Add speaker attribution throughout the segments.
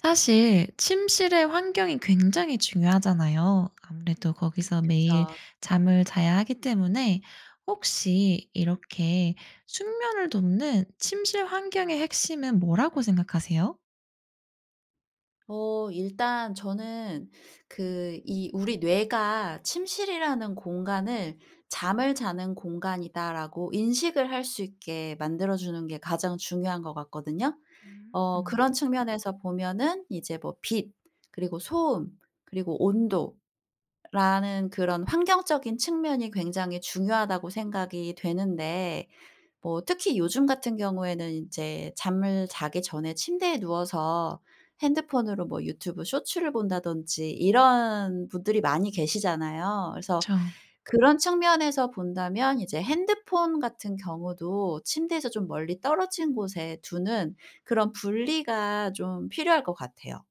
Speaker 1: 사실 침실의 환경이 굉장히 중요하잖아요. 아무래도 거기서 매일
Speaker 2: 그쵸.
Speaker 1: 잠을 자야 하기 때문에 혹시 이렇게 숙면을 돕는 침실 환경의 핵심은 뭐라고 생각하세요?
Speaker 2: 어 일단 저는 그 이 우리 뇌가 침실이라는 공간을 '잠을 자는 공간이다.'라고 인식을 할 수 있게 만들어 주는 게 가장 중요한 것 같거든요.
Speaker 1: 음
Speaker 2: 어
Speaker 1: 음.
Speaker 2: 그런 측면에서 보면은 이제 뭐 빛 그리고 소음 그리고 온도라는 그런 환경적인 측면이 굉장히 중요하다고 생각이 되는데 뭐 특히 요즘 같은 경우에는 이제 잠을 자기 전에 침대에 누워서 핸드폰으로 뭐 유튜브 쇼츠를 본다든지 이런 분들이 많이 계시잖아요. 그래서
Speaker 1: 그쵸.
Speaker 2: 그런 측면에서 본다면 이제 핸드폰 같은 경우도 침대에서 좀 멀리 떨어진 곳에 두는 그런 분리가 좀 필요할 것 같아요.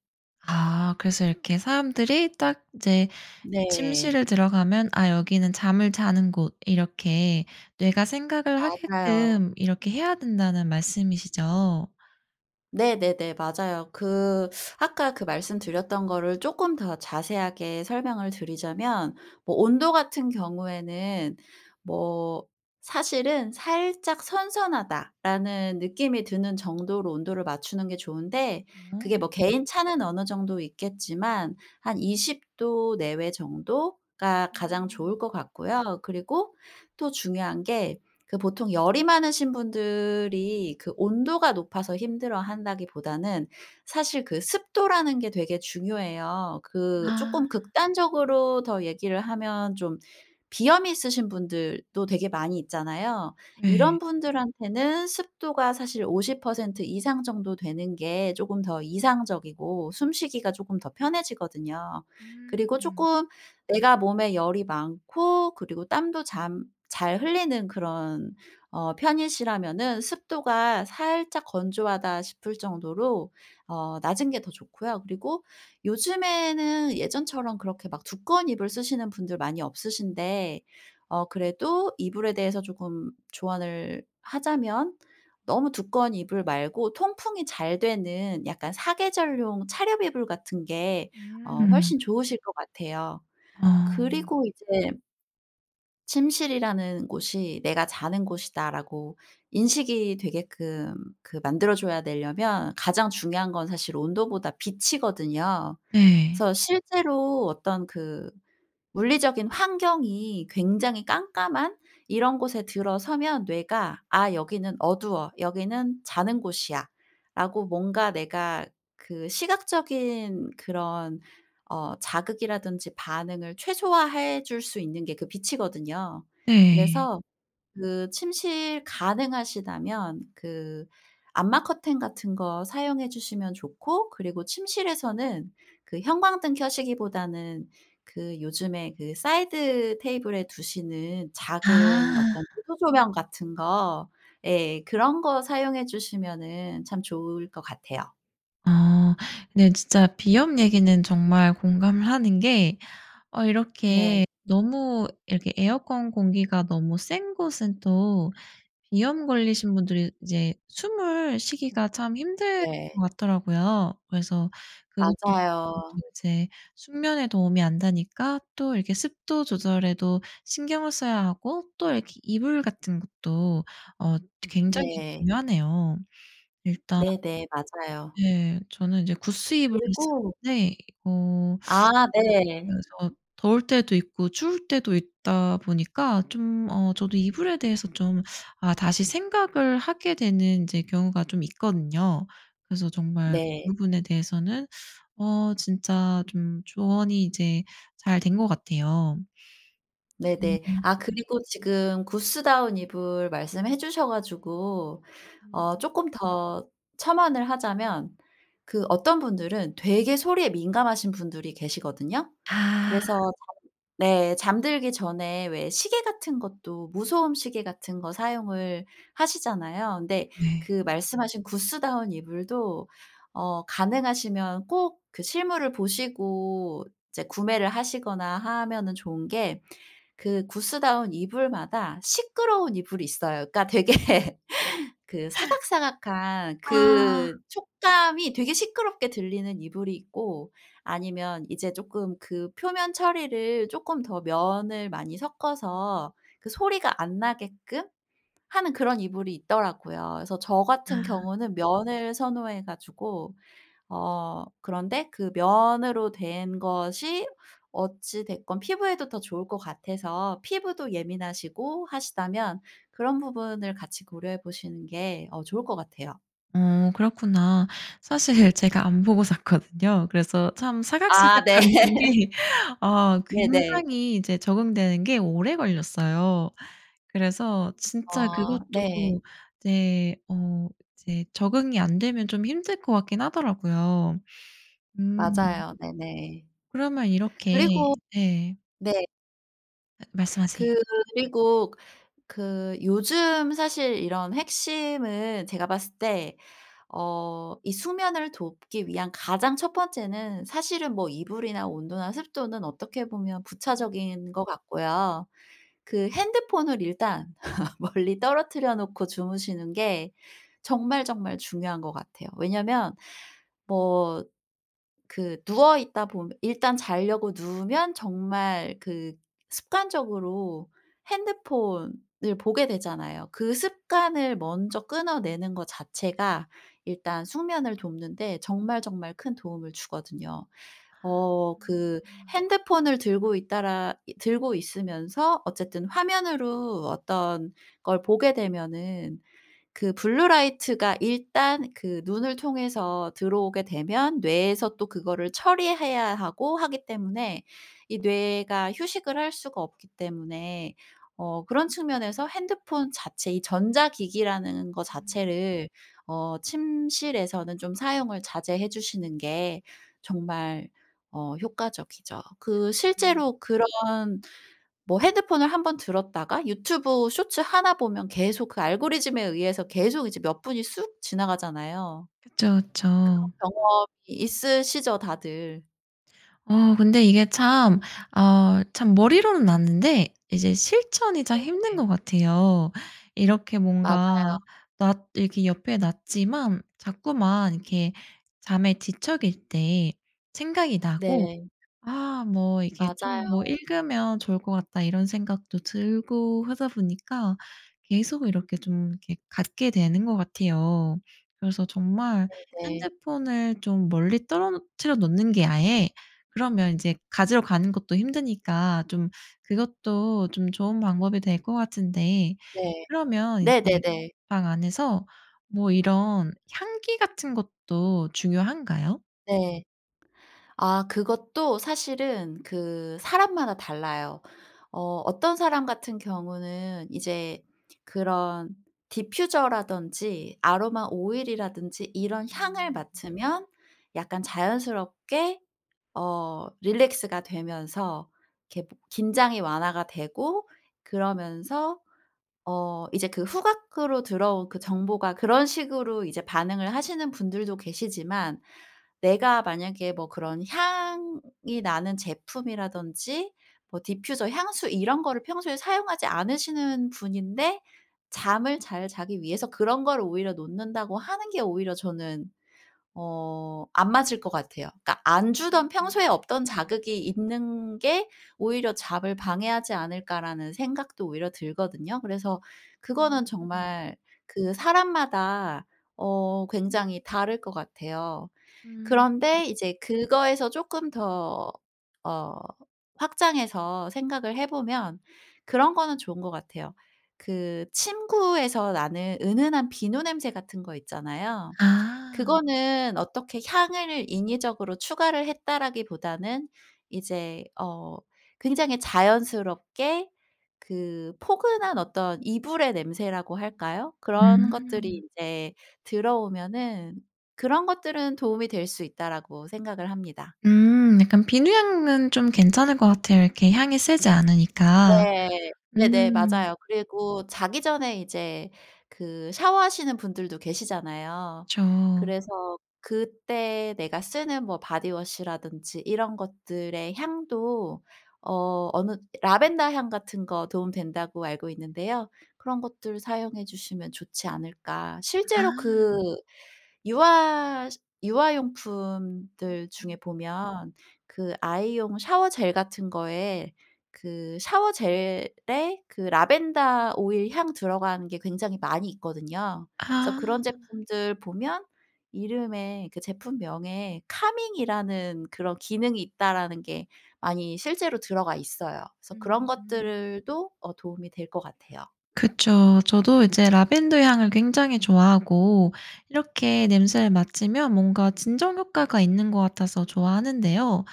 Speaker 1: 아 그래서 이렇게 사람들이 딱 이제
Speaker 2: 네.
Speaker 1: 침실을 들어가면 '아 여기는 잠을 자는 곳' 이렇게 뇌가 생각을
Speaker 2: 맞아요.
Speaker 1: 하게끔 이렇게 해야 된다는 말씀이시죠?
Speaker 2: 네네네. 맞아요. 그 아까 그 말씀드렸던 거를 쪼끔 더 자세하게 설명을 드리자면 뭐 온도같은 경우에는 뭐 사실은 '살짝 선선하다.'라는 느낌이 드는 정도로 온도를 맞추는 게 좋은데 그게
Speaker 1: 어.
Speaker 2: 뭐 개인 차는 어느 정도 있겠지만 한 20 도 내외 정도가 가장
Speaker 1: 음.
Speaker 2: 좋을 것 같고요. 그리고 또 중요한 게 그 보통 열이 많으신 분들이 그 온도가 높아서 힘들어 한다기보다는 사실 그 습도라는 게 되게 중요해요. 그
Speaker 1: 아.
Speaker 2: 쪼끔 극단적으로 더 얘기를 하면 좀 비염이 있으신 분들 또 되게 많이 있잖아요.
Speaker 1: 예.
Speaker 2: 이런 분들한테는 습도가 사실 50% 이상 정도 되는 게 쪼금 더 이상적이고 숨 쉬기가 조금 더 편해지거든요. 그리고
Speaker 1: 음.
Speaker 2: 쪼끔 내가 몸에 열이 많고 그리고 땀도 잠 잘 흘리는 그런 어 편이시라면은 습도가 살짝 건조 하다 싶을 정도로 어 낮은 게 더 좋고요. 그리고 요즘에는 예전처럼 그렇게 막 두꺼운 이불 쓰시는 분들 많이 없으신데 어 그래도 이불에 대해서 조금 조언을 하자면 너무 두꺼운 이불 말고 통풍이 잘 되는 약간 4 계절용 차렵 이불 같은 게 어
Speaker 1: 음.
Speaker 2: 훨씬 좋으실 것 같아요.
Speaker 1: 어.
Speaker 2: 그리고 이제 침실이라는 곳이 '내가 자는 곳이다.'라고 인식이 되게끔 그 만들어 줘야 되려면 가장 중요한 건 사실 온도보다 빛이거든요.
Speaker 1: 네.
Speaker 2: 그래서 실제로 어떤 그 물리적인 환경이 굉장히 깜깜한 이런 곳에 들어서면 뇌가 '아 여기는 어두워. 여기는 자는 곳이야.'라고 뭔가 내가 그 시각적인 그런 어 자극이라든지 반응을 최소화해 줄 수 있는 게 그 빛이거든요.
Speaker 1: 네.
Speaker 2: 그래서 그 침실 가능하시다면 그 암막 커튼 같은 거 사용해 주시면 좋고 그리고 침실에서는 그 형광등 켜시기보다는 그 요즘에 그 사이드 테이블에 두시는 작은
Speaker 1: 아.
Speaker 2: 어떤 무드 조명 같은 거. 예. 그런 거 사용해 주시면은 참 좋을 것 같아요.
Speaker 1: 아 네. 진짜 비염 얘기는 정말 공감을 하는 게 어 이렇게
Speaker 2: 네.
Speaker 1: 너무 이렇게 에어컨 공기가 너무 센 곳은 또 비염 걸리신 분들이 이제 숨을 쉬기가 참 힘들
Speaker 2: 네.
Speaker 1: 것 같더라고요. 그래서 그것도
Speaker 2: 맞아요.
Speaker 1: 이제 숙면에 도움이 안 되니까 또 이렇게 습도 조절에도 신경을 써야 하고 또 이렇게 이불 같은 것도 어 드 굉장히
Speaker 2: 네.
Speaker 1: 중요하네요. 일단
Speaker 2: 네네. 맞아요.
Speaker 1: 네. 저는 이제 구스 이불을
Speaker 2: 그리고
Speaker 1: 쓰는데 어
Speaker 2: 아. 네.
Speaker 1: 그래서 더울 때도 있고 추울 때도 있다 보니까 좀 어 저도 이불에 대해서 좀 아 다시 생각을 하게 되는 이제 경우가 좀 있거든요. 그래서 정말 그
Speaker 2: 네.
Speaker 1: 부분에 대해서는 어 진짜 좀 조언이 이제 잘 된 거 같아요.
Speaker 2: 네네.
Speaker 1: 으음.
Speaker 2: 아 그리고 지금 구스다운 이불 말씀해 주셔 가지고
Speaker 1: 음.
Speaker 2: 어 쪼끔 더 첨언을 하자면 그 어떤 분들은 되게 소리에 민감하신 분들이 계시거든요.
Speaker 1: 아.
Speaker 2: 그래서 잠을 네 잠들기 전에 왜 시계 같은 것도 무소음 시계 같은 거 사용을 하시잖아요. 근데
Speaker 1: 네.
Speaker 2: 그 말씀하신 구스다운 이불도 어 가능하시면 꼭 그 실물을 보시고 이제 구매를 하시거나 하면은 좋은 게 그 구스다운 이불마다 시끄러운 이불이 있어요. 그러니까 되게 그 사각사각한
Speaker 1: 아.
Speaker 2: 그 촉감이 되게 시끄럽게 들리는 이불이 있고 아니면 이제 조금 그 표면 처리를 쪼끔 더 면을 많이 섞어서 그 소리가 안 나게끔 하는 그런 이불이 있더라고요. 그래서 저 같은
Speaker 1: 아.
Speaker 2: 경우는 면을 선호해 가지고 어 그런데 그 면으로 된 것이 어찌 됐건 피부에도 더 좋을 것 같아서 피부도 예민하시고 하시다면 그런 부분을 같이 고려해 보시는 게 어 좋을 것 같아요.
Speaker 1: 어 그렇구나. 사실 제가 안 보고 샀거든요. 그래서 참
Speaker 2: 아 네.
Speaker 1: 사각사각거리는 게 어
Speaker 2: 네네.
Speaker 1: 굉장히 이제 적응되는 게 오래 걸렸어요. 그래서 진짜
Speaker 2: 어 네.
Speaker 1: 그것도 이제 어 이제 적응이 안 되면 좀 힘들 것 같긴 하더라고요. 음.
Speaker 2: 맞아요. 네네.
Speaker 1: 그러면 이렇게
Speaker 2: 그리고
Speaker 1: 네.
Speaker 2: 네.
Speaker 1: 말씀하세요.
Speaker 2: 그리고 그 그 요즘 사실 이런 핵심은 제가 봤을 때 어 이 수면을 돕기 위한 가장 1 번째는 사실은 뭐 이불이나 온도나 습도는 어떻게 보면
Speaker 1: 음.
Speaker 2: 부차적인 것 같고요. 그 핸드폰을 일단 멀리 떨어뜨려 놓고 주무시는 게 정말, 정말 중요한 거 같아요. 왜냐하면 뭐 그 누워있다 보며 일단 자려고 누우면 정말 그 습관적으로 핸드폰을 보게 되잖아요. 그 습관을 먼저 끊어내는 거 자체가 일단 숙면을 돕는 데 정말, 정말 큰 도움을 주거든요
Speaker 1: 아.
Speaker 2: 어 그,
Speaker 1: 그렇구나.
Speaker 2: 핸드폰을 들고 있다라 이 들고 있으면서 어쨌든 화면으로 어떤 걸 보게 되면은 그 블루라이트가 일단 그 눈을 통해서 들어오게 되면 뇌에서 또 그거를 처리해야 하고 하기 때문에 이 뇌가 휴식을 할 수가 없기 때문에 어 그런 측면에서 핸드폰 자체 이 전자기기라는 거
Speaker 1: 음.
Speaker 2: 자체를 어 침실에서는 좀 사용을 자제해 주시는 게 정말 어 효과적이죠. 그
Speaker 1: 음.
Speaker 2: 실제로 그런 뭐 핸드폰을 한번 들었다가 유튜브 쇼츠 1 보면 계속 그 알고리즘에 의해서 계속 이제 몇 분이 쑥 지나가잖아요.
Speaker 1: 그쵸,
Speaker 2: 그런
Speaker 1: 그쵸.
Speaker 2: 경험이 있으시죠 다들.
Speaker 1: 어 근데 이게 참 어 참 머리로는 아는데 이제 실천이 참 힘든
Speaker 2: 네네.
Speaker 1: 거 같아요. 이렇게
Speaker 2: 맞아요.
Speaker 1: 뭔가 놨 이렇게 옆에 놨지만 자꾸만 이렇게 잠에 뒤척일 때 생각이 나고
Speaker 2: 네.
Speaker 1: '아 뭐 이게 좀 뭐
Speaker 2: 맞아요.
Speaker 1: 읽으면 좋을 것 같다.' 이런 생각도 들고 하다 보니까 계속 이렇게 좀 이렇게 갖게 되는 것 같아요. 그래서 정말
Speaker 2: 네네.
Speaker 1: 핸드폰을 좀 멀리 떨어뜨려 놓는 게 아예 그러면 이제 가지러 가는 것도 힘드니까 좀 그것도 좀 좋은 방법이 될 거 같은데
Speaker 2: 네.
Speaker 1: 그러면 이제
Speaker 2: 네네네.
Speaker 1: 방 안에서 뭐 이런 향기 같은 것도 중요한가요?
Speaker 2: 네. 아 그것도 사실은 그 사람마다 달라요. 어 어떤 사람 같은 경우는 이제 그런 디퓨저라든지 아로마 오일이라든지 이런 향을
Speaker 1: 음.
Speaker 2: 맡으면 약간 자연스럽게 어 릴렉스가 되면서 이렇게 뭐 긴장이 완화가 되고 그러면서 어 이제 그 후각으로 들어온 그 정보가 그런 식으로 이제 반응을 하시는 분들도 계시지만. 내가 만약에 뭐 그런 향이 나는 제품이라든지 뭐 디퓨저, 향수 이런 거를 평소에 사용하지 않으시는 분인데 잠을 잘 자기 위해서 그런 거를 오히려 놓는다고 하는 게 오히려 저는 어 안 맞을 것 같아요. 그러니까 '안 주던
Speaker 1: 음음음.
Speaker 2: 평소에 없던 자극이 있는 게 오히려 잠을 방해하지 않을까?'라는 생각도 오히려 들거든요. 그래서 그거는
Speaker 1: 음.
Speaker 2: 정말 그 사람마다 어 굉장히 다를 것 같아요.
Speaker 1: 음.
Speaker 2: 그런데 이제 그거에서 쪼끔 더 어 확장해서 생각을 해보면 그런 거는 좋은 것 같아요. 그 침구에서 나는 은은한 비누 냄새 같은 거 있잖아요.
Speaker 1: 아.
Speaker 2: 그거는 어떻게 향을 인위적으로 추가를 했다라기보다는 이제 어 굉장히 자연스럽게 그 포근한 어떤 이불의 냄새라고 할까요? 그런
Speaker 1: 음.
Speaker 2: 것들이 이제 들어오면은 '그런 것들은 도움이 될 수 있다.'라고 생각을 합니다.
Speaker 1: 음 약간 비누향은 좀 괜찮을 것 같아요 이렇게 향이 세지 않으니까.
Speaker 2: 네. 네네
Speaker 1: 음.
Speaker 2: 맞아요. 그리고 자기 전에 이제 그 샤워하시는 분들도 계시잖아요.
Speaker 1: 그쵸.
Speaker 2: 그래서 그때 내가 쓰는 뭐 바디워시라든지 이런 것들의 향도 어 어느 라벤더 향 같은 거 도움 된다고 알고 있는데요. 그런 것들 사용해 주시면 좋지 않을까. 실제로
Speaker 1: 아.
Speaker 2: 그 유아 시
Speaker 1: 음.
Speaker 2: 유아용품들 중에
Speaker 1: 음.
Speaker 2: 보면 그 아이용 샤워젤 같은 거에 그 샤워젤에 그 라벤더 오일 향 들어가는 게 굉장히 많이 있거든요. 그래서
Speaker 1: 아.
Speaker 2: 그런 제품들 보면 이름에 그 제품명에 카밍 이라는 그런 기능이 있다라는 게 많이 실제로 들어가 있어요. 그래서 그런
Speaker 1: 음.
Speaker 2: 것들을 도 어 도움이 될 것 같아요.
Speaker 1: 그쵸. 저도 이제 라벤더 향을 굉장히 좋아하고 이렇게 냄새를 맡으면 뭔가 진정 효과가 있는 거 같아서 좋아하는데요.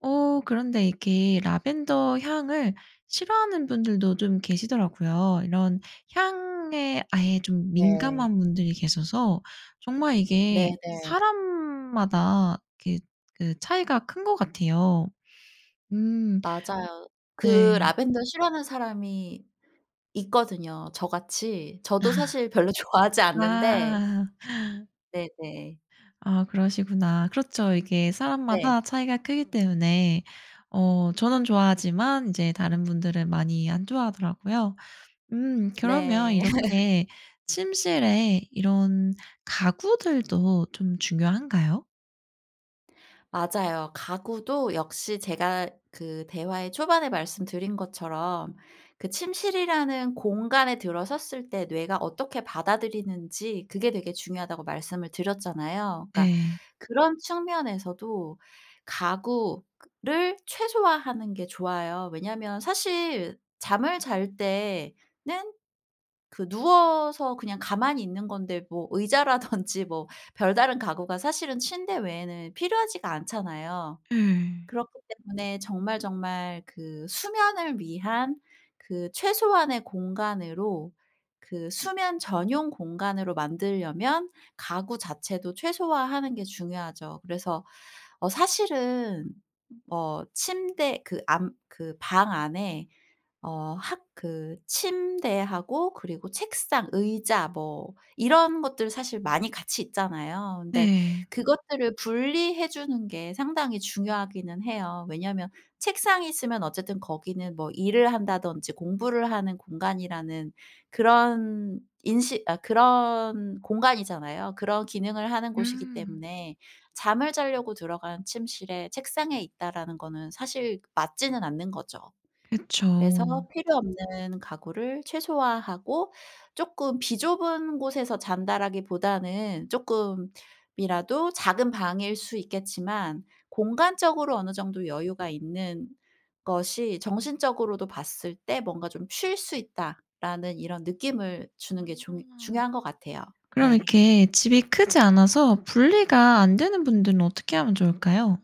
Speaker 1: 어 그런데 이렇게 라벤더 향을 싫어하는 분들도 좀 계시더라고요. 이런 향에 아예 좀
Speaker 2: 네.
Speaker 1: 민감한 분들이 계셔서 정말 이게
Speaker 2: 네네.
Speaker 1: 사람마다 이렇게 그 차이가 큰 거 같아요. 음.
Speaker 2: 맞아요. 그
Speaker 1: 네.
Speaker 2: 라벤더 싫어하는 사람이 있거든요, 저같이. 저도 사실 별로 좋아하지 않는데
Speaker 1: 아.
Speaker 2: 네네.
Speaker 1: 아 그러시구나. 그렇죠. 이게
Speaker 2: 네.
Speaker 1: 사람마다 차이가 크기 때문에 어 저는 좋아하지만 이제 다른 분들은 많이 안 좋아하더라고요. 음 그러면
Speaker 2: 네.
Speaker 1: 이렇게 침실에 이런 가구들도 좀 중요한가요?
Speaker 2: 맞아요. 가구도 역시 제가 그 대화의 초반에 말씀드린 것처럼 그 침실이라는 공간에 들어섰을 때 뇌가 어떻게 받아들이는지 그게 되게 중요하다고 말씀을 드렸잖아요. 그러니까
Speaker 1: 네.
Speaker 2: 그런 측면에서도 가구 그 를 최소화하는 게 좋아요. 왜냐하면 사실 잠을 잘 때 는 그 누워서 그냥 가만히 있는 건데 뭐 의자라든지 뭐 별다른 가구가 사실은 침대 외에는 필요하지가 않잖아요.
Speaker 1: 예.
Speaker 2: 그렇기 때문에 정말 정말 그 수면을 위한 그 최소한의 공간으로 그 수면 전용 공간으로 만들려면 가구 자체도 최소화하는 게 중요하죠. 그래서 어 사실은 뭐 침대 그 안 그 방 안에 어 학 그 침대하고 그리고 책상, 의자 뭐 이런 것들 사실 많이 같이 있잖아요. 근데
Speaker 1: 네.
Speaker 2: 그것들을 분리해 주는 게 상당히 중요하기는 해요. 왜냐면 책상이 있으면 어쨌든 거기는 뭐 일을 한다든지 공부를 하는 공간이라는 그런 인식 아 그런 공간이잖아요. 그런 기능을 하는 곳이기
Speaker 1: 음.
Speaker 2: 때문에 잠을 자려고 들어간 침실에 책상이 있다라는 거는 사실 맞지는 않는 거죠. 그래서
Speaker 1: 그쵸.
Speaker 2: 필요 없는 가구를 최소화하고 쪼끔 비좁은 곳에서 잔다라기보다는 쪼끔이라도 작은 방일 수 있겠지만 공간적으로 어느 정도 여유가 있는 것이 정신적으로도 봤을 때 뭔가 좀 '쉴 수 있다.'라는 이런 느낌을 주는 게 중
Speaker 1: 아.
Speaker 2: 중요한 거 같아요.
Speaker 1: 그럼
Speaker 2: 네.
Speaker 1: 이렇게 집이 크지 않아서 분리가 안 되는 분들은 어떻게 하면 좋을까요?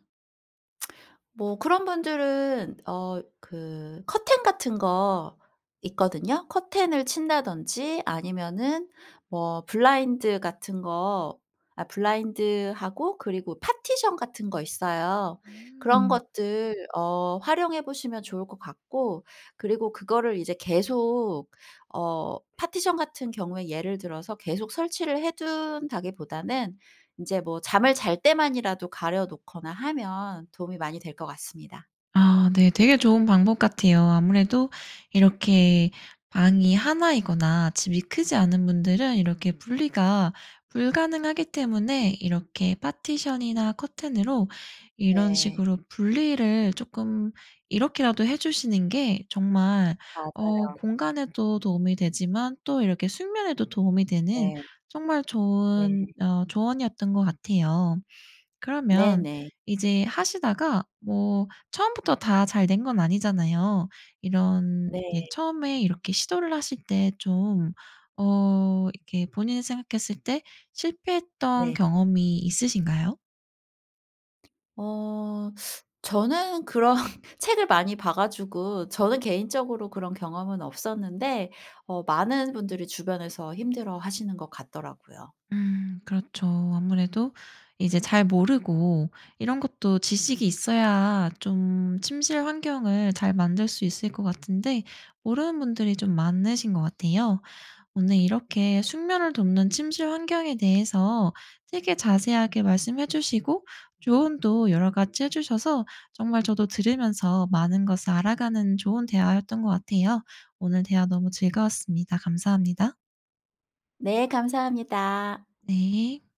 Speaker 2: 뭐 그런 분들은 어 그 커튼 같은 거 있거든요. 커튼을 친다든지 아니면은 뭐 블라인드 같은 거 아 블라인드하고 그리고 파티션 같은 거 있어요. 그런
Speaker 1: 음.
Speaker 2: 것들 어 활용해 보시면 좋을 것 같고 그리고 그거를 이제 계속 어 파티션 같은 경우에 예를 들어서 계속 설치를 해둔다기보다는 이제 뭐 잠을 잘 때만이라도 가려 놓거나 하면 도움이 많이 될 것 같습니다.
Speaker 1: 아 네. 되게 좋은 방법 같아요. 아무래도 이렇게 방이 1 이거나 집이 크지 않은 분들은 이렇게 분리가 불가능하기 때문에 이렇게 파티션이나 커튼으로 이런
Speaker 2: 네.
Speaker 1: 식으로 분리를 쪼끔 이렇게라도 해 주시는 게 정말 어
Speaker 2: 맞아요.
Speaker 1: 공간에도 도움이 되지만 또 이렇게 숙면에도 도움이 되는
Speaker 2: 네.
Speaker 1: 정말
Speaker 2: 네.
Speaker 1: 좋은 어 조언이었던 거 같아요. 그러면
Speaker 2: 네네.
Speaker 1: 이제 하시다가 뭐 처음부터 다 잘 된 건 아니잖아요. 이런 이게
Speaker 2: 네.
Speaker 1: 처음에 이렇게 시도를 하실 때 좀 어 이렇게 본인이 생각했을 때 실패했던
Speaker 2: 네.
Speaker 1: 경험이 있으신가요?
Speaker 2: 어 저는 그런 책을 많이 봐 가지고 저는 개인적으로 그런 경험은 없었는데 어 많은 분들이 주변에서 힘들어하시는 것 같더라고요.
Speaker 1: 음 그렇죠. 아무래도 이제 잘 모르고 이런 것도 지식이 있어야 좀 침실 환경을 잘 만들 수 있을 거 같은데 모르는 분들이 좀 많으신 거 같아요. 오늘 이렇게 숙면을 돕는 침실 환경에 대해서 되게 자세하게 말씀해 주시고 조언도 여러 가지 해주셔서 정말 저도 들으면서 많은 것을 알아가는 좋은 대화였던 거 같아요. 오늘 대화 너무 즐거웠습니다. 감사합니다.
Speaker 2: 네 감사합니다.
Speaker 1: 네.